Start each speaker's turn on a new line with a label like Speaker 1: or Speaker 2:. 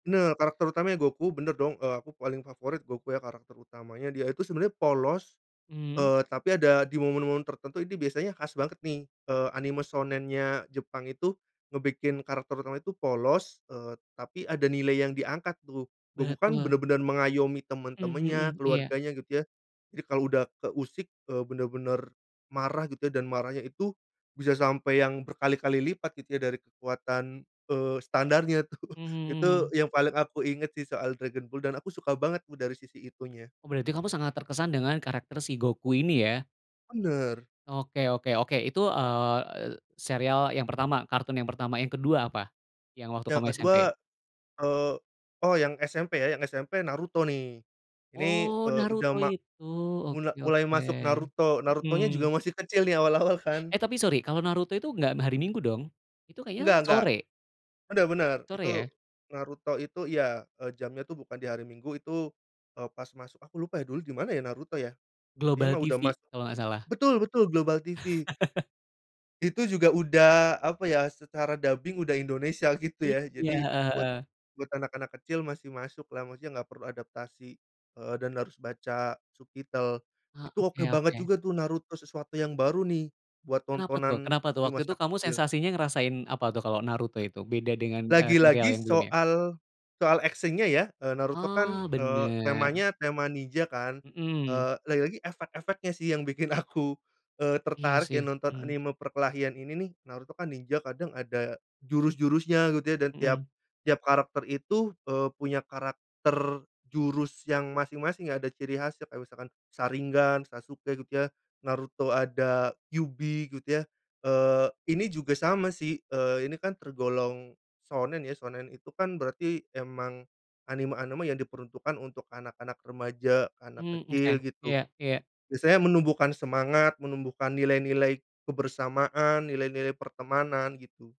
Speaker 1: Nah karakter utamanya Goku bener dong, eee, aku paling favorit Goku ya karakter utamanya dia itu sebenarnya polos,
Speaker 2: Mmm.
Speaker 1: eee, tapi ada di momen-momen tertentu ini biasanya khas banget nih, eee, anime shounen-nya Jepang itu ngebikin karakter utamanya itu polos, eee, tapi ada nilai yang diangkat tuh. Goku kan
Speaker 2: Betul.
Speaker 1: bener-bener mengayomi
Speaker 2: Mhm
Speaker 1: temen-temennya,
Speaker 2: mhm, iya.
Speaker 1: keluarganya gitu ya. Jadi kalo udah keusik, eee, bener-bener marah gitu ya dan marahnya itu bisa sampai yang berkali-kali lipat gitu ya dari kekuatan, eee, standarnya tuh.
Speaker 2: Mhm
Speaker 1: Itu
Speaker 2: mhm.
Speaker 1: yang paling aku inget sih soal Dragon Ball dan aku suka banget tuh dari sisi itunya.
Speaker 2: Berarti kamu sangat terkesan dengan karakter si Goku ini ya?
Speaker 1: Bener.
Speaker 2: Oke oke oke. Itu, eee, serial yang pertama, kartun yang pertama. Yang ke-2 apa yang waktu
Speaker 1: Yang
Speaker 2: kamu SMP?
Speaker 1: ke-2, eee, oh, yang SMP ya, yang SMP Naruto nih. Ini,
Speaker 2: Oh,
Speaker 1: eee, udah
Speaker 2: Naruto
Speaker 1: ma
Speaker 2: itu,
Speaker 1: mula
Speaker 2: oke
Speaker 1: mulai
Speaker 2: oke,
Speaker 1: masuk Naruto. Narutonya juga
Speaker 2: mhm.
Speaker 1: masih kecil nih awal-awal kan.
Speaker 2: Eh, tapi sorry, kalau Naruto itu nggak hari Minggu dong? Itu kayaknya
Speaker 1: Enggak enggak.
Speaker 2: sore.
Speaker 1: Udah bener.
Speaker 2: Sore
Speaker 1: Itu,
Speaker 2: ya?
Speaker 1: Naruto itu iya, eee, jamnya tuh bukan di hari Minggu itu, eee, pas masuk aku lupa ya dulu di mana ya Naruto ya?
Speaker 2: Global
Speaker 1: Intinya mah udah
Speaker 2: TV
Speaker 1: masuk
Speaker 2: kalau nggak salah.
Speaker 1: betul betul, Global TV. Itu juga udah, apa ya, secara dubbing udah Indonesia gitu
Speaker 2: Iya,
Speaker 1: ya, jadi
Speaker 2: heeh
Speaker 1: buat
Speaker 2: heeh.
Speaker 1: buat anak-anak kecil masih masuklah, maksudnya gak perlu adaptasi, eee, dan harus baca subtitle.
Speaker 2: Eee,
Speaker 1: Itu oke
Speaker 2: oke
Speaker 1: banget
Speaker 2: oke.
Speaker 1: juga tuh, Naruto sesuatu yang baru nih buat
Speaker 2: Kenapa tuh
Speaker 1: tontonan
Speaker 2: kenapa tuh?
Speaker 1: di
Speaker 2: Waktu
Speaker 1: masa
Speaker 2: itu kamu
Speaker 1: kecil.
Speaker 2: sensasinya ngerasain apa tuh kalau Naruto itu beda dengan, eee, serial
Speaker 1: Lagi-lagi
Speaker 2: yang belum ya?
Speaker 1: soal soal action-nya ya, eee, Naruto kan,
Speaker 2: Oh,
Speaker 1: eee,
Speaker 2: bener.
Speaker 1: temanya tema ninja kan,
Speaker 2: Mmm.
Speaker 1: eee, lagi-lagi efek-efeknya sih yang bikin aku, eee,
Speaker 2: Iya
Speaker 1: tertarik
Speaker 2: sih,
Speaker 1: ya nonton
Speaker 2: mmm.
Speaker 1: anime perkelahian ini nih. Naruto kan ninja kadang ada jurus-jurusnya gitu ya, dan tiap
Speaker 2: Mmm.
Speaker 1: tiap karakter itu, eee, punya karakter jurus yang masing-masing ada ciri khasnya, kayak misalkan sharingan, Sasuke gitu ya, Naruto ada kyubi gitu ya, eee, ini juga sama sih, eee, ini kan tergolong shounen ya, shounen itu kan berarti emang anime-anime yang diperuntukkan untuk anak-anak remaja, anak
Speaker 2: Mhm, oke,
Speaker 1: kecil gitu.
Speaker 2: iya iya.
Speaker 1: Biasanya menumbuhkan semangat, menumbuhkan nilai-nilai kebersamaan, nilai-nilai pertemanan gitu.